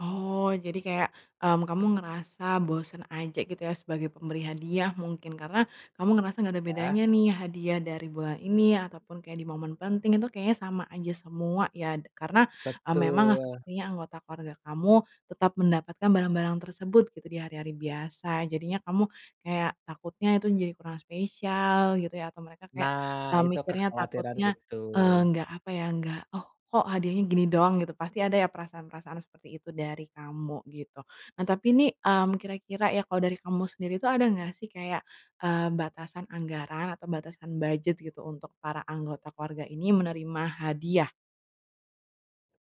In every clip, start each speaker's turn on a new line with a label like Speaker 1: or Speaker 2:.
Speaker 1: Oh, jadi kayak, mmm, kamu ngerasa bosen aja gitu ya, sebagai pemberi hadiah mungkin, karena, kamu ngerasa nggak ada
Speaker 2: Iya.
Speaker 1: bedanya nih hadiah dari bulan ini ataupun kayak di momen penting itu kayaknya sama aja semua ya. Karena, eee, memang
Speaker 2: Betul.
Speaker 1: sepertinya anggota keluarga kamu, tetap mendapatkan barang-barang tersebut gitu, di hari-hari biasa. Jadinya kamu, kayak takutnya itu jadi kurang spesial gitu ya, atau mereka kayak,
Speaker 2: Nah,
Speaker 1: eee,
Speaker 2: itu,
Speaker 1: mikirnya
Speaker 2: kekhawatiran
Speaker 1: takutnya,
Speaker 2: itu.
Speaker 1: eee, nggak apa ya, nggak, "Oh, kok hadiahnya gini doang?" Gitu. Pasti ada ya perasaan-perasaan seperti itu dari kamu gitu. Nah tapi nih, mmm, kira-kira ya kalau dari kamu sendiri tuh ada enggak sih kayak, eee, batasan anggaran atau batasan budget gitu untuk para anggota keluarga ini menerima hadiah?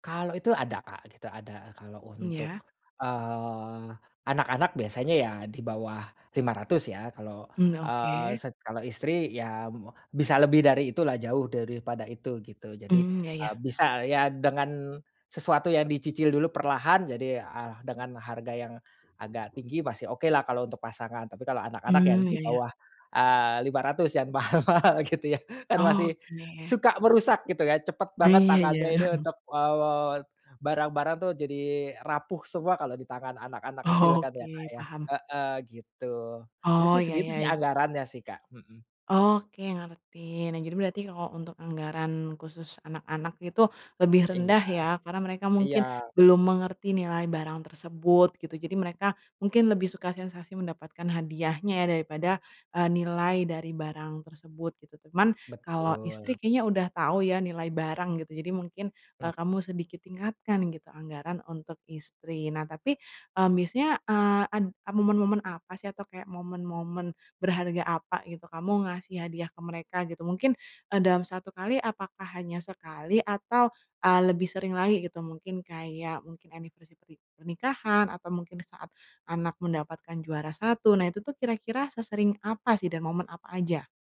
Speaker 2: Kalau itu ada Kak, gitu ada. Kalau untuk,
Speaker 1: Iya.
Speaker 2: eee, anak-anak biasanya ya dibawah 500 ya. Kalau,
Speaker 1: Mmm,
Speaker 2: eee,
Speaker 1: oke.
Speaker 2: set kalau istri ya, mmm, bisa lebih dari itu lah, jauh daripada itu, gitu. Jadi,
Speaker 1: Mmm, ya
Speaker 2: eee,
Speaker 1: ya.
Speaker 2: bisa, ya, dengan sesuatu yang dicicil dulu perlahan jadi eh dengan harga yang agak tinggi masih oke lah kalau untuk pasangan. Tapi kalau anak-anak, ya
Speaker 1: Mmm, ya ya.
Speaker 2: dibawah, eee, 500 yang mahal-mahal, gitu ya. Kan masih,
Speaker 1: Oke.
Speaker 2: suka merusak gitu ya, cepet banget
Speaker 1: Iya
Speaker 2: tangannya
Speaker 1: iya.
Speaker 2: ini untuk, eee, barang-barang tuh jadi rapuh semua kalau ditangan anak-anak kecil kan ya Kak
Speaker 1: Oke,
Speaker 2: ya.
Speaker 1: paham.
Speaker 2: Heeh, gitu. Itu
Speaker 1: Oh,
Speaker 2: sih
Speaker 1: ya
Speaker 2: segitu
Speaker 1: ya ya.
Speaker 2: anggarannya sih Kak, hmm.
Speaker 1: Oke, ngerti. Nah, jadi berarti kalau untuk anggaran khusus anak-anak itu, lebih
Speaker 2: Iya.
Speaker 1: rendah ya karena mereka
Speaker 2: Iya.
Speaker 1: mungkin belum mengerti nilai barang tersebut, gitu. Jadi mereka mungkin lebih suka sensasi mendapatkan hadiahnya ya, daripada, eee, nilai dari barang tersebut, gitu. Cuman kalau
Speaker 2: Betul.
Speaker 1: istri kayaknya udah tau ya nilai barang gitu, jadi mungkin, eee,
Speaker 2: Mmm.
Speaker 1: kamu sedikit tingatkan gitu anggaran untuk istri. Nah, tapi eee, biasanya, eee, ad momen-momen apa sih atau kayak momen-momen berharga apa gitu kamu ngasih hadiah ke mereka gitu? Mungkin, eee, dalam 1 kali apakah hanya sekali atau, eee, lebih sering lagi gitu, mungkin kayak mungkin anniversary perni pernikahan atau mungkin saat anak mendapatkan juara 1? Nah itu tuh kira-kira sesering apa sih dan momen apa aja?